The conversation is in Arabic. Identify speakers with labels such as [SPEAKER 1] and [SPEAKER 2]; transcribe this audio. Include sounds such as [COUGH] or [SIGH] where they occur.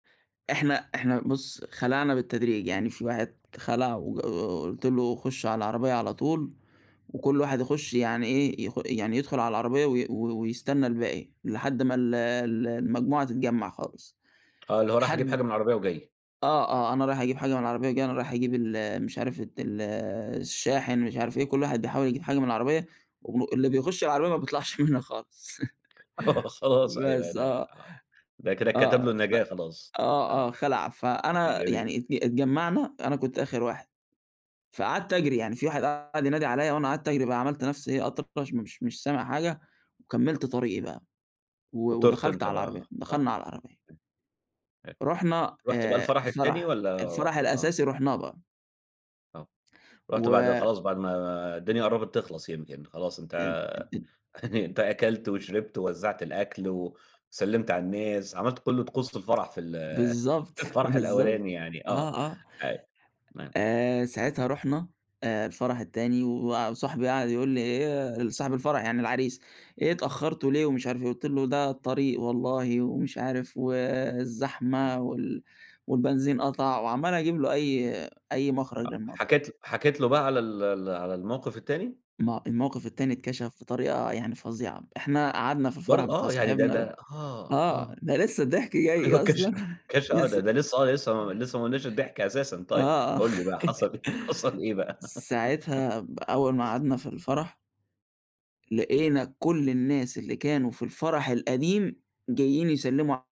[SPEAKER 1] إحنا إحنا بُص خلعنا بالتدريج يعني في واحد خلع وج قُ قُ قُلت له: "خُش على العربية على طُول، وكُلّ واحد يخش يعني إيه، يخ يعني يدخُل على العربية وي و ويستنى الباقي لحد ما ال ال المجموعة تتجمع خالص".
[SPEAKER 2] آه اللي هو رايح أجيب حاجة
[SPEAKER 1] لحد
[SPEAKER 2] من العربية وجاي.
[SPEAKER 1] آه،
[SPEAKER 2] آه.
[SPEAKER 1] آه أنا رايح أجيب حاجة من العربية وجاي أنا رايح أجيب ال مش عارف ت ال الشاحن مش عارف إيه، كُلّ واحد بيحاول يجيب حاجة من العربية، واللي بيخش على العربية ما بيطلَعش منها خالص.
[SPEAKER 2] آه
[SPEAKER 1] [LAUGHS]
[SPEAKER 2] خلاص أيوه
[SPEAKER 1] بس
[SPEAKER 2] أنا آه.
[SPEAKER 1] آه،
[SPEAKER 2] ده كده اتكتب له
[SPEAKER 1] آه، ف
[SPEAKER 2] النجاة خلاص.
[SPEAKER 1] آه، آه
[SPEAKER 2] آه،
[SPEAKER 1] خَلع. فأنا
[SPEAKER 2] جميل.
[SPEAKER 1] يعني ات اتجمّعنا، أنا كنت آخر واحد. فقعدت أجري يعني في واحد قعد ينادي عليّا وأنا قعدت أجري بقى، عملت نَفْسي إيه أطرش مش مش سامع حاجة، وكملت طريقي بقى. و
[SPEAKER 2] وطيرت
[SPEAKER 1] ودخَلت
[SPEAKER 2] أنت
[SPEAKER 1] على العربية،
[SPEAKER 2] بقى آه.
[SPEAKER 1] دخَلنا على العربية.
[SPEAKER 2] إمم،
[SPEAKER 1] رُحنا
[SPEAKER 2] رُحت بقى
[SPEAKER 1] آآ
[SPEAKER 2] الفرح التاني
[SPEAKER 1] الفرح،
[SPEAKER 2] والّا
[SPEAKER 1] الفرح
[SPEAKER 2] آه.
[SPEAKER 1] الأساسي رُحناه بقى.
[SPEAKER 2] آه. رُحت بعد
[SPEAKER 1] و
[SPEAKER 2] خلاص بعد ما الدنيا قرّبت تخلص يمكِن خلاص
[SPEAKER 1] أ
[SPEAKER 2] أنت
[SPEAKER 1] أ أ
[SPEAKER 2] يعني أنت أكلت وشربت ووزعت الأكل وسلِّمت على الناس، عملت كُلّ طقوس في الفرح في ال [CHUCKLES]
[SPEAKER 1] بالضبط،
[SPEAKER 2] في الفرح
[SPEAKER 1] بالضبط.
[SPEAKER 2] الأولاني يعني آه،
[SPEAKER 1] آه، آه.
[SPEAKER 2] تمام.
[SPEAKER 1] آآ ساعتها رُحنا الفرح التاني و وصاحبي قعد يقول لي: "إيه"، صاحب الفرح يعني العريس، "إيه اتأخرتوا ليه" ومش عارف إيه، قُلت له: "ده الطريق والله"، ومش عارف "و الزحمة وال والبنزين قَطع"، وعمّال أجيب له أي أي مخرج
[SPEAKER 2] آه
[SPEAKER 1] للموضوع ده.
[SPEAKER 2] حكيت حكيت له بقى على ال ال على الموقف التاني؟
[SPEAKER 1] ما هو الموقف التاني اتكشف بطريقة يعني فظيعة. إحنا قعدنا في
[SPEAKER 2] برض
[SPEAKER 1] الفرح بتاع
[SPEAKER 2] آه يعني ده
[SPEAKER 1] صاحبنا ده.
[SPEAKER 2] ده آه،
[SPEAKER 1] آه،
[SPEAKER 2] آه.
[SPEAKER 1] ده لسه الضحك جاي
[SPEAKER 2] أيوه اتكش
[SPEAKER 1] أصلًا،
[SPEAKER 2] اتكش آه ده
[SPEAKER 1] لسه.
[SPEAKER 2] ده لسه آه، لسه ما لسه ما قلناش الضحك أساسًا. طيب
[SPEAKER 1] آه.
[SPEAKER 2] قُل لي بقى
[SPEAKER 1] [LAUGHS]
[SPEAKER 2] حصل إيه حصل إيه بقى؟ [LAUGHS]
[SPEAKER 1] ساعتها ب أول ما قعدنا في الفرح لقينا كُلّ الناس اللي كانوا في الفرح القديم جايين يسلّموا ع